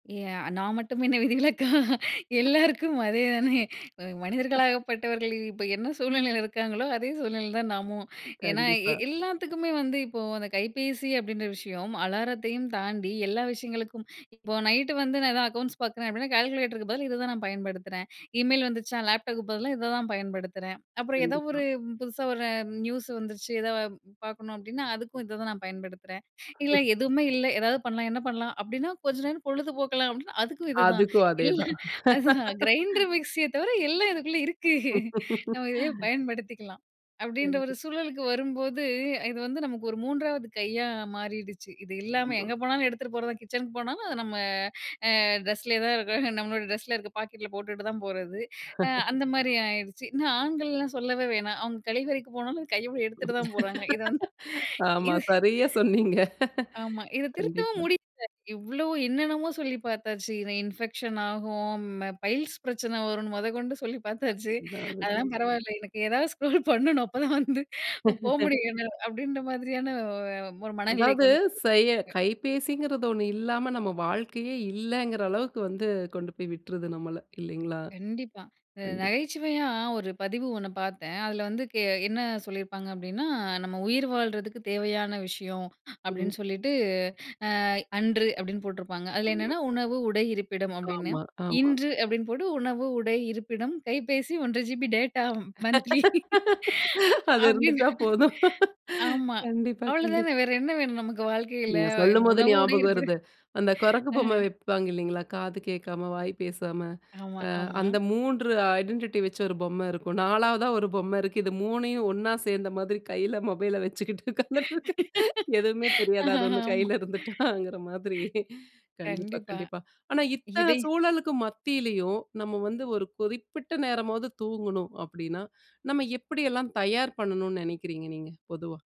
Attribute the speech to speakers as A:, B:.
A: எ நான் மட்டும் என்ன விதிவிலக்கா! எல்லாருக்கும் அதே தானே! அ மனிதர்களாகப்பட்டவர்கள் இப்ப என்ன சூழ்நிலையில இருக்காங்களோ! அதே சூழ்நிலையில தான் நாமு. ஏன்னா எ
B: கண்டிப்பா.
A: எல்லாத்துக்குமே வந்து இப்போ அந்த கைபேசி அப்பிடின்ற விஷயம் அலாரத்தையும் தாண்டி எல்லா விஷயங்களுக்கும், இப்போ நைட்டு வந்து நான் தான் அக்கவுண்ட்ஸ் பார்க்குறேன் அப்பிடின்னா கால்குலேட்டருக்கு பதில் இத தான் நான் பயன்படுத்துறேன். இமெயில் வந்துச்சா, லேப்டாப்புக்கு பதிலா இத தான் பயன்படுத்துறேன். அப்புறம் ஏதோ
B: கண்டிப்பா.
A: ஒரு புதுசா ஒரு நியூஸ் வந்துச்சு. எதா பார்க்கணும் அப்பிடின்னா, அதுக்கும் இத தான் நான் பயன்படுத்துறேன். இல்ல எதுவுமே இல்ல, எதாவது பண்ணலாம் என்ன பண்ணலாம், அப்பிடின்னா கொஞ்ச நேரம் பொழுதுபோக்கலாம் அப்பிடின்னா அதுக்கும் இதுதான்
B: அதுக்கும் அதே
A: இல்ல
B: தான்
A: அதுதான் கிரைண்டர் மிக்ஸிய தவிர எல்லாம் இதுக்குள்ள இருக்கு. நம்ம இதையே பயன்படுத்திக்கலாம். அப்பிடின்ற ஒரு
B: [unintelligible]
A: சூழலுக்கு வரும்போது, இது வந்து நமக்கு ஒரு 3வது கையா மாறிடுச்சு. இது இல்லாம
B: [unintelligible]
A: எங்க போனாலும் எடுத்துட்டு போறது தான். கிச்சனுக்கு போனாலும் அத நம்ம அ ட்ரெஸ்லே தான் இருக்கும். நம்மளோட டிரெஸ்ஸ்ல இருக்கிற பாக்கெட் ல போட்டுட்டு தான் போறது. ஆ அந்தமாரி ஆயிருச்சு. இன்னும் ஆண்கள்லாம் சொல்லவே வேணாம். அவுங்க கழிவறைக்கு போனாலும் கையோட எடுத்துட்டு தான் போறாங்க. இத வந்து
B: ஆமா.
A: இது
B: சரியா சொன்னீங்க.
A: ஆமா. இத திருத்தவும்
B: கண்டிப்பா.
A: முடியல. இவ்ளோ என்னென்னமோ சொல்லி பாத்தாச்சு. இன இன்ஃபெக்ஷன் ஆகும். பைல்ஸ் பிரச்சனை வரும்ன்னு மொதக்கொண்டு சொல்லி பாத்தாச்சு. அதெல்லாம்
B: [unintelligible]
A: பரவால்ல. "எனக்கு ஏதாவது ஸ்க்ரோல் பண்ணனும் அப்போதான் வந்து போ முடியும்" [unintelligible] அப்பிடின்ற மாதிரியான அ ஒரு மனநிலைக்கு
B: அதாவது
A: வந்து தள்ளப்பட்டிருக்கு.
B: செய கைபேசிங்கிறது ஒன்னு இல்லாம நம்ம வாழ்க்கையே இல்லேங்கிற அளவுக்கு வந்து கொண்டு போய் விட்ருது நம்மள இல்லைலேங்களா!
A: கண்டிப்பா. இந்த
B: கண்டிப்பா.
A: நகைச்சுவையா ஒரு பதிவு ஒன்னு பார்த்தேன். அதில வந்து கே என்ன சொல்லியிருப்பாங்க அப்பிடின்னா, "நம்ம உயிர் வாழ்றதுக்கு தேவையான விஷயம்"
B: ம்.
A: அப்பிடின்னு சொல்லிட்டு, அ அன்று அப்பிடின்னு போட்டிருப்பாங்க. அதில
B: ஆமா.
A: என்னென்ன "உணவு, உடை, இருப்பிடம்" அப்பிடின்னு.
B: ஆமா, ஆமா.
A: இன்று அப்பிடின்னு போட்டு "உணவு, உடை, இருப்பிடம், கைபேசி 1 1/2 GB டேட்டா மந்த்லி"
B: அது
A: அப்பிடின்னு
B: இருந்துட்டா போதும்.
A: ஆமா.
B: கண்டிப்பா,
A: அவ்ள
B: கண்டிப்பா.
A: தானே! வேற என்ன வேணும் நமக்கு வாழ்க்கையில
B: நீங்க
A: அ
B: சொல்லும்போது
A: உணவு, உடை
B: ஞாபகம்
A: இருப்பிட
B: வருது. அந்த குரங்கு
A: ஆ.
B: பொம்ம வைப்பாங்க இல்லேங்களா! காது கேட்காம, வாய் பேசாம
A: ஆமா,
B: அ
A: ஆமா.
B: அந்த 3 ஐடென்டிட்டி வச்சு ஒரு பொம்ம இருக்கும் 4வதா ஒரு பொம்ம இருக்கு. இது 3யும் ஒன்னா சேர்ந்த மாதிரி கையில மொபைல வச்சுக்கிட்டு உக்காந்துட்டு இருக்கு. எதுவுமே தெரியாது அது ஒன்னு
A: ஆமா.
B: கையில இருந்துட்டாங்கிற மாதிரி. கண்டிப்பா,
A: கண்டிப்பா.
B: கண்டிப்பா. ஆனா இத்தன
A: இதை
B: சூழலுக்கு மத்தியிலயும் நம்ம வந்து ஒரு குறிப்பிட்ட நேரமாவது தூங்கணும் அப்பிடின்னா, நம்ம எப்பிடி எல்லாம் தயார் பண்ணணுன்னு நினைக்கிறீங்க? நீங்க பொதுவா.